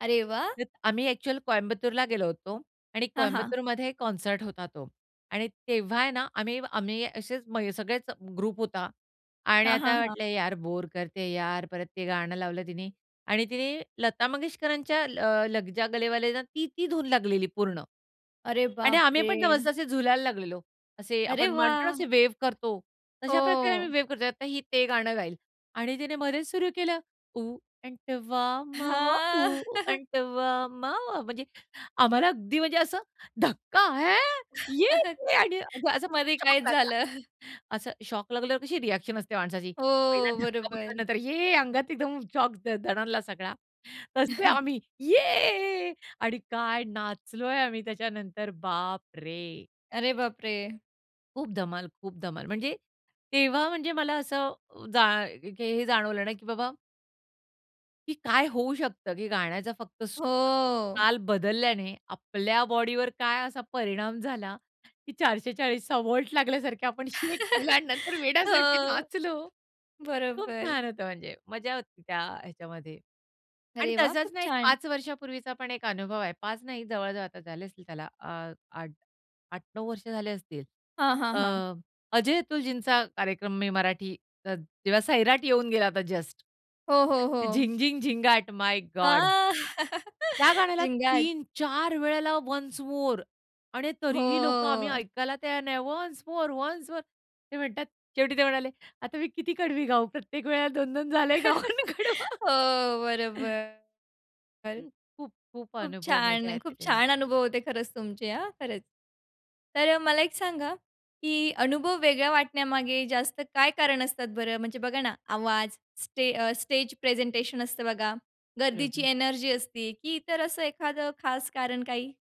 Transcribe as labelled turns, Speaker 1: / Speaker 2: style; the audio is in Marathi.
Speaker 1: अरे वाह!
Speaker 2: [unintelligible] आम्ही एक्चुअल कोयंबतूरला गेलो होतो आणि
Speaker 1: हां, हां.
Speaker 2: कोयंबतूरमध्ये कॉन्सर्ट होता तो. आणि तेव्हा आहे ना, आम्ही आम्ही असेच म सगळेच ग्रुप होता आणि
Speaker 1: हां, हां,
Speaker 2: आता
Speaker 1: हां.
Speaker 2: वाटलं, यार बोर करते यार. परत, ते गाणं लावलं तिने आणि तिने लता मंगेशकरांच्या, ल लग जा गले वाले आहे ना ती, ती, धून लागलेली पूर्ण.
Speaker 1: अरे
Speaker 2: आणि
Speaker 1: बापरे!
Speaker 2: आम्हीपण ना मस्त असे झुलायला लागलेलो. असे
Speaker 1: अरे
Speaker 2: आपण म्हणतो ना,
Speaker 1: वाह!
Speaker 2: असे वेव्ह करतो. तशा प्रकारे आम्ही
Speaker 1: हो.
Speaker 2: वेव्ह करतोय. आता ही ते गाणं गाईल आणि तिने मध्येच सुरु केलं. ऊ आंटावा मावा
Speaker 1: हां.
Speaker 2: ऊ आंटावा मावा म्हणजे, आम्हाला अगदी म्हणजे असं धक्का! ह्या! ये क्या असा असा
Speaker 1: मध्ये
Speaker 2: शॉक
Speaker 1: काहीच
Speaker 2: लागला.
Speaker 1: झालं.
Speaker 2: असं शॉक लागल्यावर कशी रिएक्शन असते माणसाची. पहिला
Speaker 1: हो,
Speaker 2: धक्का
Speaker 1: बरोबर.
Speaker 2: बसल्यानंतर ये अंगात एकदम शॉक द दणाणला सगळा. तसे आम्ही ये आणि काय नाचलोय आम्ही त्याच्यानंतर, बापरे!
Speaker 1: अरे बापरे!
Speaker 2: खूप धमाल, खूप धमाल, म्हणजे, तेव्हा म्हणजे मला असं, जा की हे जाणवलं ना की बाबा की काय होऊ शकतं, की गाण्याचा फक्त
Speaker 1: हो.
Speaker 2: सूर-ताल बदलल्याने आपल्या बॉडीवर काय असा परिणाम झाला की 440चा व्होल्ट लागल्यासारखे आपण शेक केलं आणि नंतर
Speaker 1: हो.
Speaker 2: वेड्यासारखे नाचलो. खूप
Speaker 1: बरोबर.
Speaker 2: छान होतं म्हणजे मजा होती त्या ह्याच्यामध्ये. आणि
Speaker 1: अरे वाह!
Speaker 2: तसाच
Speaker 1: खूप
Speaker 2: ना एक
Speaker 1: छान.
Speaker 2: 5 वर्षापूर्वीचा पण एक अनुभव आहे. 5 नाही जवळ-जवळ आता झाले असतील, त्याला अ, 8 8-9 वर्ष झाले असतील.
Speaker 1: हां, हां,
Speaker 2: अ,
Speaker 1: हां.
Speaker 2: अजय अतुलजींचा कार्यक्रम मी मराठी ज जेव्हा सैराट येऊन गेला होता जस्ट
Speaker 1: हो, हो, हो.
Speaker 2: झिंग, झिंग, झिंगाट माय गॉड!
Speaker 1: हां,
Speaker 2: त्या गाण्याला
Speaker 1: झिंगाट.
Speaker 2: 3-4 वेळेला वन्स मोर आणि तरीही लोकं आम्ही
Speaker 1: हो
Speaker 2: ऐकायला तयार नाही वन्स मोर, वन्स मोर, ते म्हणतात शेवटी ते म्हणाले आता मी किती कडवी गाऊ? प्रत्येक वेळेला 2-2 झाले गाऊन कडवं
Speaker 1: हो बरोबर. बर.
Speaker 2: खूप, खूप
Speaker 1: खूप
Speaker 2: अनुभव मजा
Speaker 1: छान!
Speaker 2: येते
Speaker 1: खूप
Speaker 2: तेव्हा.
Speaker 1: छान अनुभव होते खरंच तुमचे हां, खरंच! तर अ, मला एक सांगा, की अनुभव वेगळ्या वाटण्यामागे जास्त काय कारण असतात बरं? म्हणजे बघा ना, आवाज, स्टे अ, स्टेज प्रेझेंटेशन असतं बघा, गर्दीची
Speaker 2: बरोबर.
Speaker 1: एनर्जी असती, की इतर असं एखाद खास कारण काही?